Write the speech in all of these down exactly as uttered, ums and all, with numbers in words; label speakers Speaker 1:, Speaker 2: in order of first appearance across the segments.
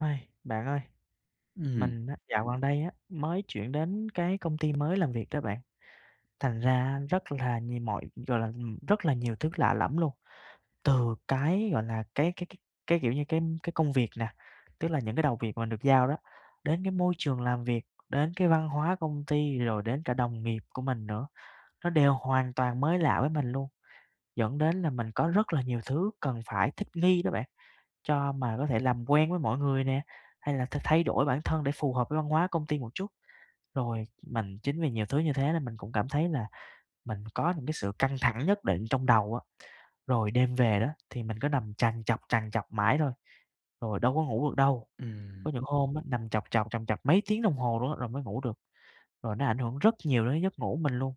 Speaker 1: Bạn ơi!
Speaker 2: Ừm.
Speaker 1: Mình á, dạo gần đây á, mới chuyển đến cái công ty mới làm việc đó bạn. Thành ra rất là nhiều mọi gọi là, rất là nhiều thứ lạ lẫm luôn. Từ cái, gọi là, cái cái cái cái, kiểu như, cái cái công việc nè, tức là những cái đầu việc mà mình được giao đó, đến cái môi trường làm việc, đến cái văn hóa công ty, rồi đến cả đồng nghiệp của mình nữa, nó đều hoàn toàn mới lạ với mình luôn. Dẫn đến là mình có rất là nhiều thứ cần phải thích nghi đó bạn. Cho mà có thể làm quen với mọi người nè, hay là th thay đổi bản thân để phù hợp với văn hóa công ty một chút. Rồi mình chính vì nhiều thứ như thế nên mình cũng cảm thấy là mình có những cái sự căng thẳng nhất định trong đầu á. Rồi đêm về đó, thì mình cứ nằm trằn trọc, trằn trọc mãi thôi, rồi đâu có ngủ được đâu.
Speaker 2: Ừm.
Speaker 1: Có những hôm á, nằm trọc trọc trằn trọc mấy tiếng đồng hồ luôn á rồi mới ngủ được. Rồi nó ảnh hưởng rất nhiều đến giấc ngủ của mình luôn.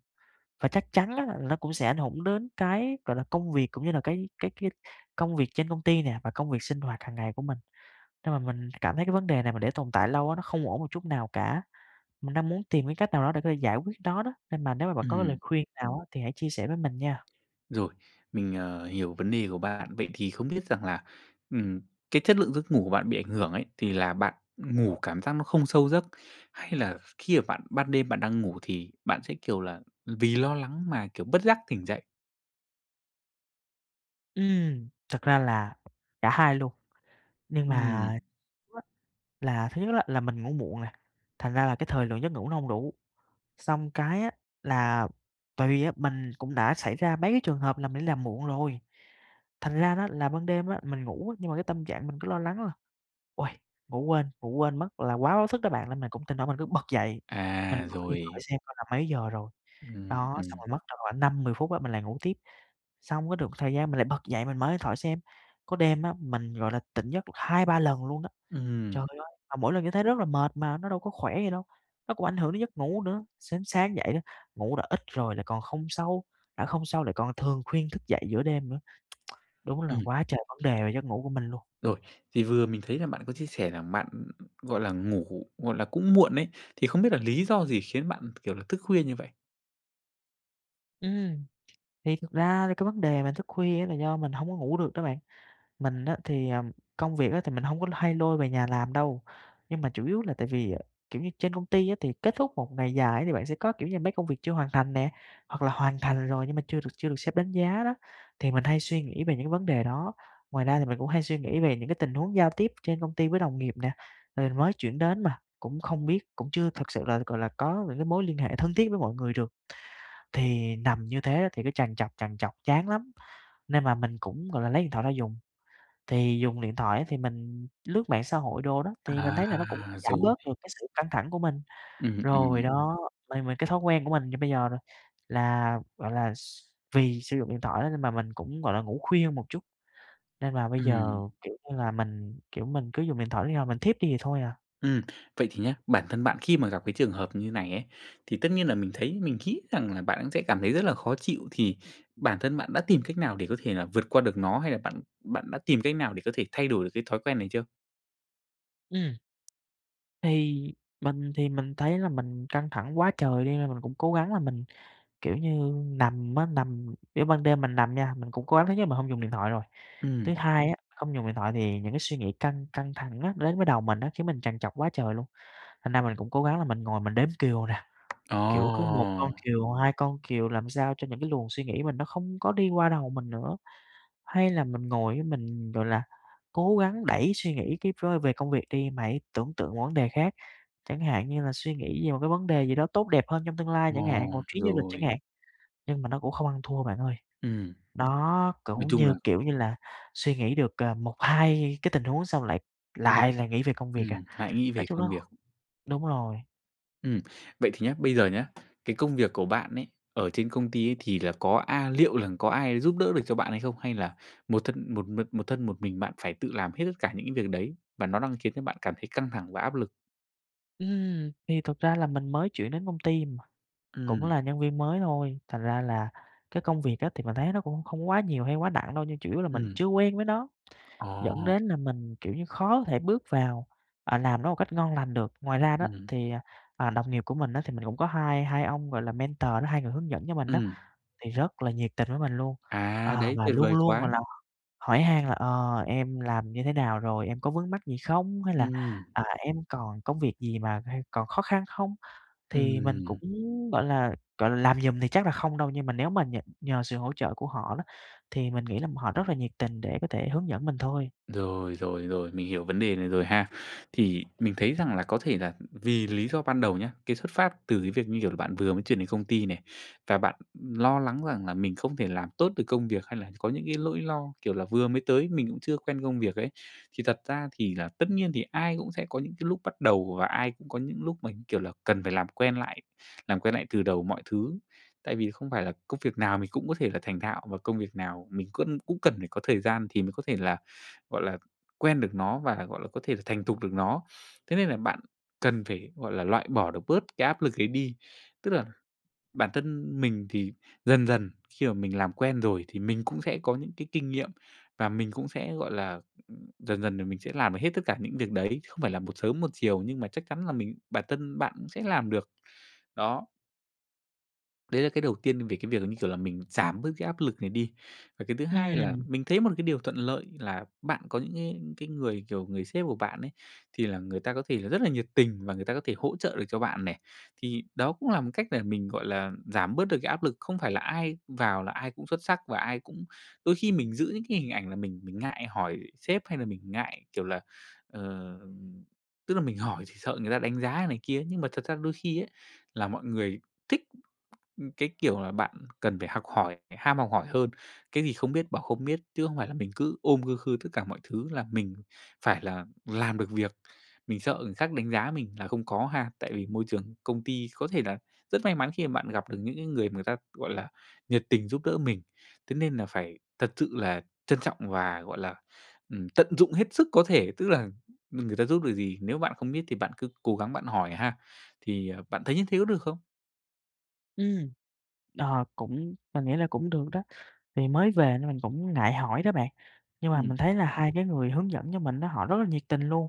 Speaker 1: Và chắc chắn á, nó cũng sẽ ảnh hưởng đến cái, gọi là, công việc cũng như là cái cái cái công việc trên công ty nè, và công việc sinh hoạt hàng ngày của mình. Nên mà mình cảm thấy cái vấn đề này mà để tồn tại lâu á, nó không ổn một chút nào cả. Mình đang muốn tìm cái cách nào đó để có thể giải quyết nó đó, nên mà nếu mà bạn có cái lời
Speaker 2: Ừm.
Speaker 1: khuyên nào á, thì hãy chia sẻ với mình nha.
Speaker 2: Rồi. Mình, ờ, hiểu vấn đề của bạn. Vậy thì không biết rằng là, ừm, cái chất lượng giấc ngủ của bạn bị ảnh hưởng ấy, thì là bạn ngủ cảm giác nó không sâu giấc, hay là khi mà bạn ban đêm bạn đang ngủ thì bạn sẽ, kiểu là, vì lo lắng mà, kiểu, bất giác tỉnh dậy?
Speaker 1: Ừm, thực ra là cả hai luôn nhưng mà
Speaker 2: Ừm.
Speaker 1: là thứ nhất á là mình ngủ muộn nè, thành ra là cái thời lượng giấc ngủ nó hông đủ, xong cái á, là tại vì á, mình cũng đã xảy ra mấy cái trường hợp là mình đi làm muộn rồi, thành ra đó là ban đêm á mình ngủ nhưng mà cái tâm trạng mình cứ lo lắng là "Ôi! Ngủ quên, ngủ quên mất," là quá báo thức đó bạn, nên mình cũng thỉnh thoảng mình cứ bật dậy mình
Speaker 2: À!
Speaker 1: mở điện thoại
Speaker 2: Rồi.
Speaker 1: xem coi là mấy giờ rồi,
Speaker 2: Ừm,
Speaker 1: đó,
Speaker 2: ừm.
Speaker 1: xong rồi mất tầm khoảng năm mười phút á mình lại ngủ tiếp, xong cái được ừn thời gian mình lại bật dậy, mình mở điện thoại xem, có đêm á mình, gọi là, tỉnh giấc được hai ba lần luôn đó.
Speaker 2: Ừm.
Speaker 1: Trời ơi! Mà mỗi lần như thế rất là mệt mà, nó đâu có khỏe gì đâu, nó cũng ảnh hưởng đến giấc ngủ nữa. Sến sáng dậy á, ngủ đã ít rồi lại còn không sâu, đã không sâu lại còn thường khuyên thức dậy giữa đêm nữa. Đúng là
Speaker 2: Ừm.
Speaker 1: quá trời vấn đề về giấc ngủ của mình luôn.
Speaker 2: Rồi, thì vừa mình thấy là bạn có chia sẻ rằng bạn, gọi là, ngủ, gọi là, cũng muộn ấy thì không biết là lý do gì khiến bạn, kiểu là, thức khuya như vậy?
Speaker 1: Ừm, thì thực ra cái vấn đề mà thức khuya á là do mình hổng có ngủ được đó bạn. Mình á thì, ờ, công việc á thì mình hông có hay lôi về nhà làm đâu nhưng mà chủ yếu là tại vì, à, kiểu như, trên công ty á thì kết thúc một ngày dài á thì bạn sẽ có, kiểu như, mấy công việc chưa hoàn thành nè hoặc là hoàn thành rồi nhưng mà chưa được chưa được sếp đánh giá đó, thì mình hay suy nghĩ về những cái vấn đề đó. Ngoài ra thì mình cũng hay suy nghĩ về những cái tình huống giao tiếp trên công ty với đồng nghiệp nè, rồi mới chuyển đến mà, cũng không biết cũng chưa thực sự là, gọi là, có những cái mối liên hệ thân thiết với mọi người được. Thì nằm như thế á thì cứ trằn trọc trằn trọc chán lắm nên là mình cũng, gọi là, lấy điện thoại ra dùng, thì dùng điện thoại á, thì mình lướt mạng xã hội đồ đó, thì mình
Speaker 2: À!
Speaker 1: thấy là nó cũng giảm
Speaker 2: Rồi.
Speaker 1: bớt được cái sự căng thẳng của mình.
Speaker 2: Ừm,
Speaker 1: Rồi
Speaker 2: ừm.
Speaker 1: đó, mà mình cái thói quen của mình như bây giờ nè là, gọi là, s vì sử dụng điện thoại á nên mà mình cũng, gọi là, ngủ khuya một chút nên là bây giờ,
Speaker 2: Ừm.
Speaker 1: kiểu như là, mình, kiểu, mình cứ dùng điện thoại đến khi nào mình thiếp đi thì thôi à.
Speaker 2: Ừm, vậy thì nhé, bản thân bạn khi mà gặp cái trường hợp như này ấy thì tất nhiên là mình thấy mình nghĩ rằng là bạn cũng sẽ cảm thấy rất là khó chịu thì bản thân bạn đã tìm cách nào để có thể là vượt qua được nó hay là bạn bạn đã tìm cách nào để có thể thay đổi được cái thói quen này chưa?
Speaker 1: Ừm. Thì mình thì mình thấy là mình căng thẳng quá trời đi nên mình cũng cố gắng là mình, kiểu như, nằm á nằm, kiểu ban đêm mình nằm nha, mình cũng cố gắng thứ nhất là mình không dùng điện thoại rồi.
Speaker 2: Ừm.
Speaker 1: Thứ hai á, không dùng điện thoại thì những cái suy nghĩ căng căng thẳng á đến với đầu mình á, khiến mình trằn trọc quá trời luôn. Thành ra mình cũng cố gắng là mình ngồi mình đếm cừu nè, kiểu, cứ một
Speaker 2: Ồ!
Speaker 1: con cừu, hai con cừu làm sao cho những cái luồng suy nghĩ mình nó không có đi qua đầu mình nữa. Hay là mình ngồi á, mình, gọi là, cố gắng đẩy suy nghĩ kíp vơi về công việc đi, mà hãy tưởng tượng một vấn đề khác, chẳng hạn như là suy nghĩ về một cái vấn đề gì đó tốt đẹp hơn trong tương lai
Speaker 2: Ờ,
Speaker 1: chẳng hạn, một chuyến du lịch chẳng
Speaker 2: rồi.
Speaker 1: hạn, nhưng mà nó cũng không ăn thua bạn ơi.
Speaker 2: Ừm.
Speaker 1: Đó
Speaker 2: Nói
Speaker 1: cũng
Speaker 2: chung là
Speaker 1: như, kiểu như là, suy nghĩ được, ờ, một hai cái tình huống xong lại lại lại nghĩ về công việc à.
Speaker 2: Ừm, hãy nghĩ
Speaker 1: Nói
Speaker 2: về
Speaker 1: chung
Speaker 2: công
Speaker 1: nó
Speaker 2: việc.
Speaker 1: đúng rồi.
Speaker 2: Ừm. Vậy thì nhá, bây giờ nhá, cái công việc của bạn ấy ở trên công ty ấy thì là có a liệu là có ai giúp đỡ được cho bạn hay không? Hay là một thân một một thân, một mình bạn phải tự làm hết tất cả những cái việc đấy và nó đang khiến cho bạn cảm thấy căng thẳng và áp lực?
Speaker 1: Ừm, thì thực ra là mình mới chuyển đến công ty mà, cũng
Speaker 2: Ừm.
Speaker 1: là nhân viên mới thôi, thành ra là cái công việc á thì mình thấy nó cũng không có quá nhiều hay quá nặng đâu, nhưng chủ yếu là mình
Speaker 2: Ừm.
Speaker 1: chưa quen với nó, dẫn
Speaker 2: Ồ!
Speaker 1: đến là mình, kiểu như, khó có thể bước vào, à, làm nó một cách ngon lành được. Ngoài ra đó,
Speaker 2: Ừm hưm.
Speaker 1: thì, à, à, đồng nghiệp của mình á, thì mình cũng có hai hai ông, gọi là, mentor đó, hai người hướng dẫn cho mình đó,
Speaker 2: Ừm.
Speaker 1: thì rất là nhiệt tình với mình luôn.
Speaker 2: À!
Speaker 1: Ờ,
Speaker 2: Đấy,
Speaker 1: và
Speaker 2: tuyệt
Speaker 1: luôn
Speaker 2: vời
Speaker 1: luôn, gọi
Speaker 2: quá!
Speaker 1: là, hỏi han là "Ờ, em làm như thế nào rồi? Em có vướng mắc gì không?", hay là,
Speaker 2: Ừm.
Speaker 1: à, "em còn công việc gì mà hay còn khó khăn không?" Thì mình cũng
Speaker 2: Ừm.
Speaker 1: gọi là, gọi là, làm giùm thì chắc là không đâu, nhưng mà nếu mà nhờ nhờ sự hỗ trợ của họ đó, thì mình nghĩ là họ rất là nhiệt tình để có thể hướng dẫn mình thôi.
Speaker 2: Rồi, rồi, rồi, mình hiểu vấn đề này rồi ha. Thì mình thấy rằng là có thể là, ừm, vì lý do ban đầu nhá, cái xuất phát từ cái việc, như kiểu là, bạn vừa mới chuyển đến công ty này, và bạn, ừm, lo lắng rằng là mình không thể làm tốt được công việc, hay là có những cái lỗi lo kiểu là vừa mới tới, mình cũng chưa quen công việc ấy. Thì thật ra thì là tất nhiên thì ai cũng sẽ có những cái lúc bắt đầu, và ai cũng có những lúc mà, như kiểu là, cần phải làm quen lại, làm quen lại từ đầu mọi thứ. Tại vì không phải là công việc nào mình cũng có thể là thành thạo, và công việc nào mình cân cũng cần phải có thời gian thì mới có thể là, gọi là, quen được nó và, gọi là, có thể là thành thục được nó. Thế nên là bạn cần phải, gọi là, loại bỏ được bớt cái áp lực ấy đi. Tức là bản thân mình thì dần dần khi mà mình làm quen rồi thì mình cũng sẽ có những cái kinh nghiệm, và mình cũng sẽ, gọi là, ừm, dần dần là mình sẽ làm được hết tất cả những việc đấy, không phải là một sớm một chiều, nhưng mà chắc chắn là mình bản thân bạn cũng sẽ làm được. Đó. Đấy là cái đầu tiên về cái việc là, như kiểu là, mình giảm bớt cái áp lực này đi. Và cái thứ hai là
Speaker 1: Ừm.
Speaker 2: mình thấy một cái điều thuận lợi là bạn có những cái cái người kiểu người sếp của bạn ấy, thì là người ta có thể là rất là nhiệt tình và người ta có thể hỗ trợ được cho bạn này. Thì đó cũng là một cách để mình, gọi là, giảm bớt được cái áp lực, không phải là ai vào là ai cũng xuất sắc và ai cũng đôi khi mình giữ những cái hình ảnh là mình mình ngại hỏi sếp hay là mình ngại kiểu là, ờ, tức là mình hỏi thì sợ người ta đánh giá này kia ấy. Nhưng mà thật ra đôi khi ấy, là mọi người thích, ừm, cái kiểu là bạn cần phải học hỏi, phải ham học hỏi hơn. Cái gì không biết bảo không biết, chứ không phải là mình cứ ôm khư khư tất cả mọi thứ là mình phải là làm được việc. Mình sợ người khác đánh giá mình là không có ha. Tại vì môi trường công ty, có thể là rất may mắn khi mà bạn gặp được những cái người người ta, gọi là, nhiệt tình giúp đỡ mình. Thế nên là phải thật sự là trân trọng và, gọi là, ừm, tận dụng hết sức có thể. Tức là, ừm, người ta giúp được gì, nếu bạn không biết thì bạn cứ cố gắng bạn hỏi ha. Thì, à, bạn thấy như thế có được không?
Speaker 1: Ừm, ờ, cũng mình nghĩ là cũng được đó, thì mới về nên mình cũng ngại hỏi đó bạn. Nhưng mà mình
Speaker 2: Ừm.
Speaker 1: thấy là hai cái người hướng dẫn cho mình á, họ rất là nhiệt tình luôn.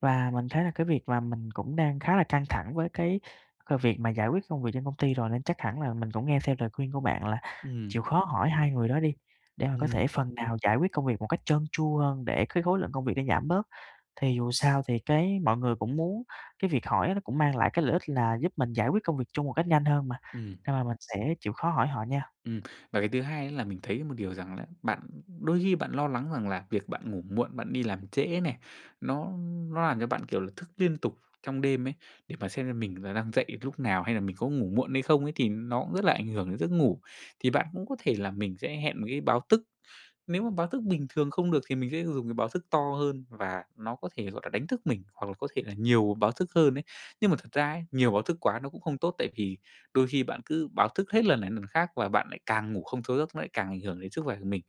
Speaker 1: Và mình thấy là cái việc mà mình cũng đang khá là căng thẳng với cái, ờ, việc mà giải quyết công việc trên công ty rồi. Nên chắc hẳn là mình cũng nghe theo lời khuyên của bạn là
Speaker 2: Ừm.
Speaker 1: chịu khó hỏi hai người đó đi, để mà có
Speaker 2: Ừm.
Speaker 1: thể phần nào giải quyết công việc một cách trơn tru hơn, để cái khối lượng công việc nó giảm bớt. Thì dù sao thì cái mọi người cũng muốn cái việc hỏi á nó cũng mang lại cái lợi ích là giúp mình giải quyết công việc chung một cách nhanh hơn mà.
Speaker 2: Ừm.
Speaker 1: Nên là mình sẽ chịu khó hỏi họ nha.
Speaker 2: Ừm, và cái thứ hai ấy, là mình thấy một điều rằng là bạn đôi khi bạn lo lắng rằng là việc bạn ngủ muộn, bạn đi làm trễ này, nó nó làm cho bạn, kiểu là, thức liên tục trong đêm ấy, để mà xem xem mình là đang dậy lúc nào hay là mình có ngủ muộn hay không ấy, thì nó cũng rất là ảnh hưởng đến giấc ngủ. Thì bạn cũng có thể là mình sẽ hẹn một cái báo thức. Nếu mà báo thức bình thường không được, thì mình sẽ dùng cái báo thức to hơn và nó có thể, gọi là, đánh thức mình, hoặc là có thể là nhiều báo thức hơn ấy. Nhưng mà thật ra ấy, nhiều báo thức quá nó cũng không tốt, tại vì đôi khi bạn cứ báo thức hết lần này lần khác và bạn lại càng ngủ không sâu giấc, nó lại càng ảnh hưởng đến sức khỏe của mình.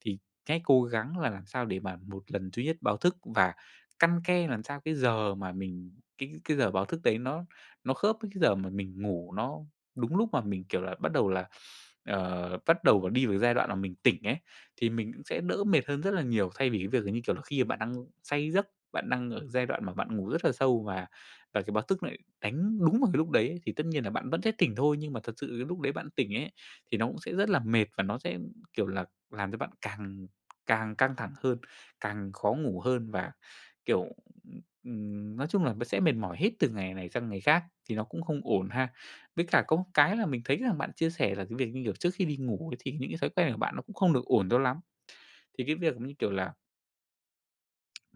Speaker 2: Thì cái cố gắng là làm sao để mà một lần duy nhất báo thức và căn ke làm sao cái giờ mà mình cái cái giờ báo thức đấy nó nó khớp với cái giờ mà mình ngủ nó đúng lúc mà mình, kiểu là, bắt đầu là ờ, bắt đầu đi vào giai đoạn mà mình tỉnh ấy, thì mình cũng sẽ đỡ mệt hơn rất là nhiều. Thay vì cái việc là, như kiểu là, khi mà bạn đang say giấc, bạn đang ở giai đoạn mà bạn ngủ rất là sâu và và cái báo thức nó lại đánh đúng vào cái lúc đấy thì tất nhiên là bạn vẫn sẽ tỉnh thôi. Nhưng mà thật sự cái lúc đấy bạn tỉnh ấy, thì nó cũng sẽ rất là mệt và nó sẽ, kiểu là, làm cho bạn càng càng căng thẳng hơn, càng khó ngủ hơn mà, kiểu, ừm, ừm, nói chung là b sẽ mệt mỏi hết từ ngày này sang ngày khác, thì nó cũng không ổn ha. Với cả có một cái là mình thấy rằng bạn chia sẻ là cái việc, như kiểu, trước khi đi ngủ ấy, thì những cái thói quen của bạn nó cũng không được ổn cho lắm. Thì cái việc giống như kiểu là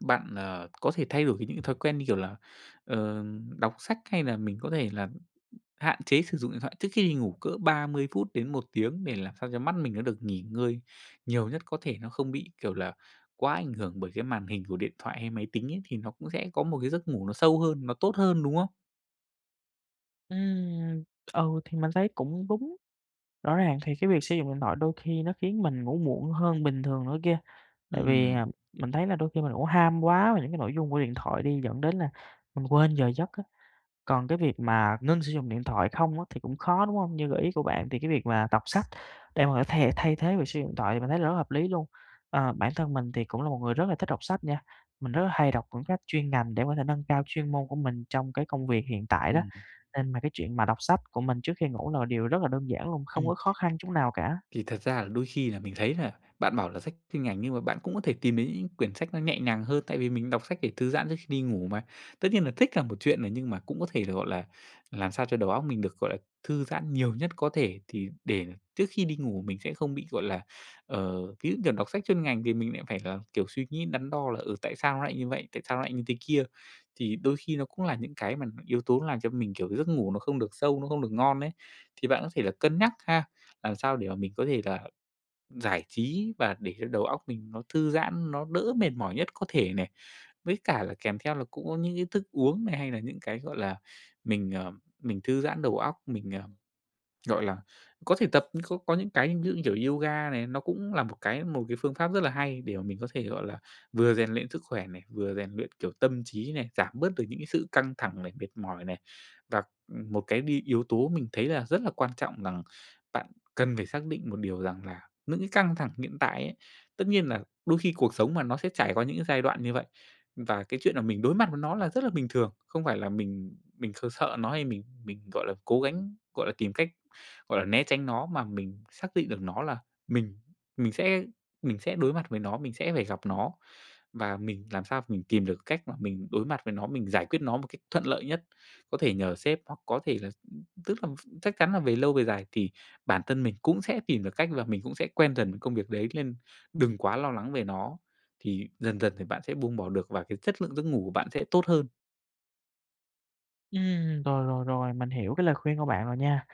Speaker 2: Bạn, ờ, có thể thay đổi như những thói quen như, kiểu là, ờ, đọc sách hay là mình có thể là hạn chế sử dụng điện thoại trước khi đi ngủ cỡ ba mươi phút đến một tiếng, để làm sao cho mắt mình nó được nghỉ ngơi nhiều nhất có thể. Nó không bị, kiểu là, quá ảnh hưởng bởi cái màn hình của điện thoại hay máy tính ấy, thì nó cũng sẽ có một cái giấc ngủ nó sâu hơn, nó tốt hơn, đúng không?
Speaker 1: Ừm. Ừ, thì mình thấy cũng đúng. Rõ ràng thì cái việc sử dụng điện thoại đôi khi nó khiến mình ngủ muộn hơn bình thường nữa kia. Tại vì,
Speaker 2: Ừm.
Speaker 1: à, mình thấy là đôi khi mình cũng ham quá về những cái nội dung của điện thoại đi, dẫn đến là mình quên giờ giấc á. Còn cái việc mà ngưng sử dụng điện thoại không á thì cũng khó, đúng hông? Như gợi ý của bạn thì cái việc mà đọc sách để mà có thể thay thế việc sử dụng điện thoại, mình thấy là rất là hợp lý luôn. Ờ, bản thân mình thì cũng là một người rất là thích đọc sách nha. Mình rất là hay đọc quyển sách chuyên ngành để có thể nâng cao chuyên môn của mình trong cái công việc hiện tại đó.
Speaker 2: Ừm.
Speaker 1: Nên mà cái chuyện mà đọc sách của mình trước khi ngủ là điều rất là đơn giản luôn, không
Speaker 2: Ừm.
Speaker 1: có khó khăn chút nào cả.
Speaker 2: Thì thật ra là đôi khi là mình thấy là bạn bảo là sách chuyên ngành nhưng mà bạn cũng có thể tìm đến những quyển sách nó nhẹ nhàng hơn, tại vì mình đọc sách để thư giãn trước khi đi ngủ mà. Tất nhiên là thích là một chuyện này, nhưng mà cũng có thể là, gọi là, làm sao cho đầu óc mình được gọi là thư giãn nhiều nhất có thể, thì để trước khi đi ngủ mình sẽ không bị, gọi là, ờ, ví dụ, kiểu, đọc sách chuyên ngành thì mình lại phải là, kiểu, suy nghĩ đắn đo là, ừ, tại sao nó lại như vậy, tại sao nó lại như thế kia. Thì đôi khi nó cũng là những cái mà yếu tố làm cho mình, kiểu, giấc ngủ nó không được sâu, nó không được ngon ấy. Thì bạn có thể là cân nhắc ha. Làm sao để mà mình có thể là giải trí và để cho đầu óc mình nó thư giãn, nó đỡ mệt mỏi nhất có thể này. Với cả là kèm theo là cũng có những cái thức uống này hay là những cái, gọi là, mình, ờ, mình thư giãn đầu óc, mình, ờ, gọi là, có thể tập nhưng khô có những cái ví dụ như kiểu yoga này, nó cũng là một cái một cái phương pháp rất là hay để mà mình có thể, gọi là, vừa rèn luyện sức khỏe này, vừa rèn luyện, kiểu, tâm trí này, giảm bớt được những cái sự căng thẳng này, mệt mỏi này. Và, ừm, một cái đi yếu tố mình thấy là rất là quan trọng rằng bạn cần phải xác định một điều rằng là những cái căng thẳng hiện tại ấy tất nhiên nà đôi khi cuộc sống mà, nó sẽ trải qua những cái giai đoạn như vậy. Và cái chuyện là mình đối mặt với nó là rất là bình thường. Không phải là mình mình kh sợ nó hay mình mình, gọi là, cố gắng, gọi là, tìm cách, gọi là, né tránh nó mà mình xác định được nó là mình mình sẽ mình sẽ đối mặt với nó, mình sẽ phải gặp nó. Và mình làm sao mình tìm được cách mà mình đối mặt với nó, mình giải quyết nó một cách thuận lợi nhất. Có thể nhờ sếp hoặc có thể là tức là ph chắc chắn là về lâu, về dài thì bản thân mình cũng sẽ tìm được cách là mình cũng sẽ quen dần công việc đấy, nên đừng quá lo lắng về nó. Thì dần dần thì bạn sẽ buông bỏ được và cái chất lượng giấc ngủ của bạn sẽ tốt hơn.
Speaker 1: Ừm, rồi, rồi, rồi. Mình hiểu cái lời khuyên của bạn rồi nha.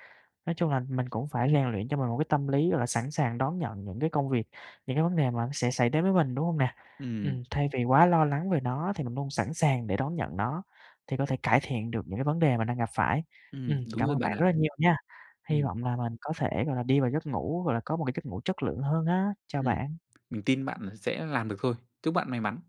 Speaker 1: Nói chung là mình cũng phải rèn luyện cho mình một cái tâm lý, gọi là, sẵn sàng đón nhận những cái công việc, những cái vấn đề mà sẽ xảy đến với mình, đúng hông nè?
Speaker 2: Ừm.
Speaker 1: Ừm, thay vì quá lo lắng về nó thì mình luôn sẵn sàng để đón nhận nó, thì có thể cải thiện được những cái vấn đề mình đang gặp phải.
Speaker 2: Ừm,
Speaker 1: Ừm,
Speaker 2: đúng
Speaker 1: cảm
Speaker 2: rồi
Speaker 1: ơn bạn
Speaker 2: bạn
Speaker 1: rất
Speaker 2: ạ.
Speaker 1: là nhiều nha. Hy
Speaker 2: Ừm.
Speaker 1: vọng là mình có thể, gọi là, đi vào giấc ngủ, gọi là, có một cái giấc ngủ chất lượng hơn á. Chào
Speaker 2: Ừm.
Speaker 1: bạn.
Speaker 2: Mình tin bạn sẽ làm được thôi. Chúc bạn may mắn.